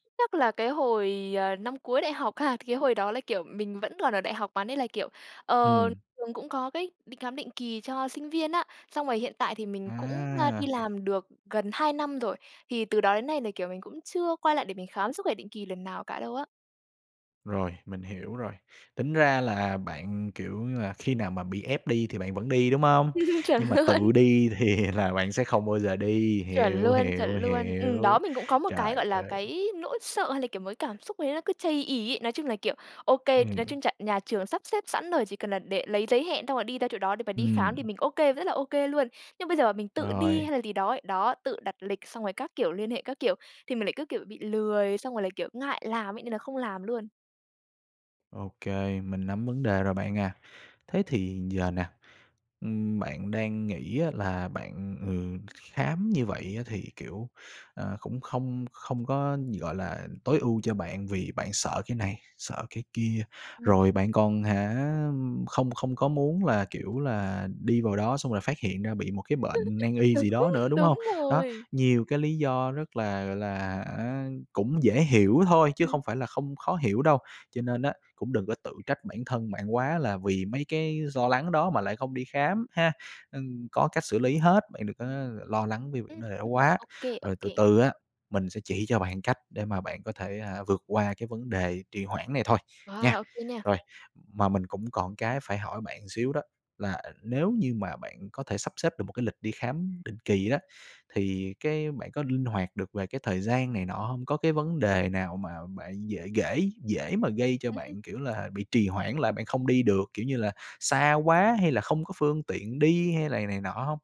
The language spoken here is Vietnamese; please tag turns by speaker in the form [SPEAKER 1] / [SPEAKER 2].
[SPEAKER 1] Chắc là cái hồi, ờ, năm cuối đại học ha, cái hồi đó là, kiểu, mình vẫn còn ở đại học mà, nên là, kiểu, ờ,
[SPEAKER 2] Ừm.
[SPEAKER 1] trường cũng có cái định khám định kỳ cho sinh viên á. Xong rồi hiện tại thì mình cũng, a, đi
[SPEAKER 2] À!
[SPEAKER 1] làm được gần 2 năm rồi, thì từ đó đến nay là, kiểu, mình cũng chưa quay lại để mình khám sức khỏe định kỳ lần nào cả đâu á.
[SPEAKER 2] Rồi, mình hiểu rồi, tính ra là bạn, kiểu như là, khi nào mà bị ép đi thì bạn vẫn đi, đúng hông?
[SPEAKER 1] Chuẩn
[SPEAKER 2] Nhưng mà tự
[SPEAKER 1] luôn.
[SPEAKER 2] đi thì là bạn sẽ không bao giờ đi,
[SPEAKER 1] Chuẩn
[SPEAKER 2] hiểu,
[SPEAKER 1] luôn, chuẩn
[SPEAKER 2] hiểu,
[SPEAKER 1] luôn. Ừm, đó,
[SPEAKER 2] hiểu.
[SPEAKER 1] mình cũng có một cái, gọi
[SPEAKER 2] Trời
[SPEAKER 1] là,
[SPEAKER 2] ơi.
[SPEAKER 1] cái nỗi sợ hay là, kiểu, một cái cảm xúc gì đấy nó cứ chây ỳ ấy. Nói chung là, kiểu, ô kê, nói
[SPEAKER 2] Ừm.
[SPEAKER 1] chung chà nhà trường sắp xếp sẵn rồi, chỉ cần là đệ lấy giấy hẹn xong rồi đi ra chỗ đó để mà đi khám thì
[SPEAKER 2] Ừm.
[SPEAKER 1] mình ô kê, rất là ô kê luôn. Nhưng bây giờ mà mình tự đi hay
[SPEAKER 2] Rồi.
[SPEAKER 1] là gì đó ấy, đó, tự đặt lịch xong rồi các kiểu, liên hệ các kiểu thì mình lại cứ, kiểu, bị lười xong rồi lại, kiểu, ngại làm ấy, nên là không làm luôn.
[SPEAKER 2] Ô kê, mình nắm vấn đề rồi bạn à. Thế thì giờ nè, ừm, bạn đang nghĩ á là bạn, ừ, kh khám như vậy á thì, kiểu, ờ, cũng không không có, nh gọi là, tối ưu cho bạn vì bạn sợ cái này, sợ cái kia,
[SPEAKER 1] Ừm.
[SPEAKER 2] rồi bạn còn, hả, không không có muốn là, kiểu là, đi vào đó xong là phát hiện ra bị một cái bệnh nan y gì đó
[SPEAKER 1] Đúng,
[SPEAKER 2] nữa, đúng hông?
[SPEAKER 1] đúng
[SPEAKER 2] Đó,
[SPEAKER 1] rồi.
[SPEAKER 2] nhiều cái lý do rất là, gọi là hả, cũng dễ hiểu thôi, chứ
[SPEAKER 1] Ừm.
[SPEAKER 2] không phải là không khó hiểu đâu. Cho nên á, cũng đừng có tự trách bản thân bạn quá, là vì mấy cái do lắng đó mà lại không đi khám, ha? Ừm, có cách xử lý hết, bạn đừng có l lo lắng vì c
[SPEAKER 1] Ừm,
[SPEAKER 2] vấn đề đó
[SPEAKER 1] ừm,
[SPEAKER 2] quá,
[SPEAKER 1] ô kê, ô
[SPEAKER 2] rồi từ
[SPEAKER 1] kê.
[SPEAKER 2] từ á, mình sẽ chỉ cho bạn cách để mà bạn có thể, à, vượt qua cái vấn đề trì hoãn này thôi, nha.
[SPEAKER 1] Wow, ô kê nha.
[SPEAKER 2] Rồi, mà mình cũng còn cái phải hỏi bạn một xíu đó, là nếu như mà bạn có thể sắp xếp được một cái lịch đi khám định kỳ á thì cái bạn có linh hoạt được về cái thời gian này nọ hông? Có cái vấn đề nào mà bạn dễ ghễ dễ mà gây cho bạn, kiểu là, bị trì hoãn lại bạn không đi được, kiểu như là, xa quá hay là không có phương tiện đi hay lày này nọ hông?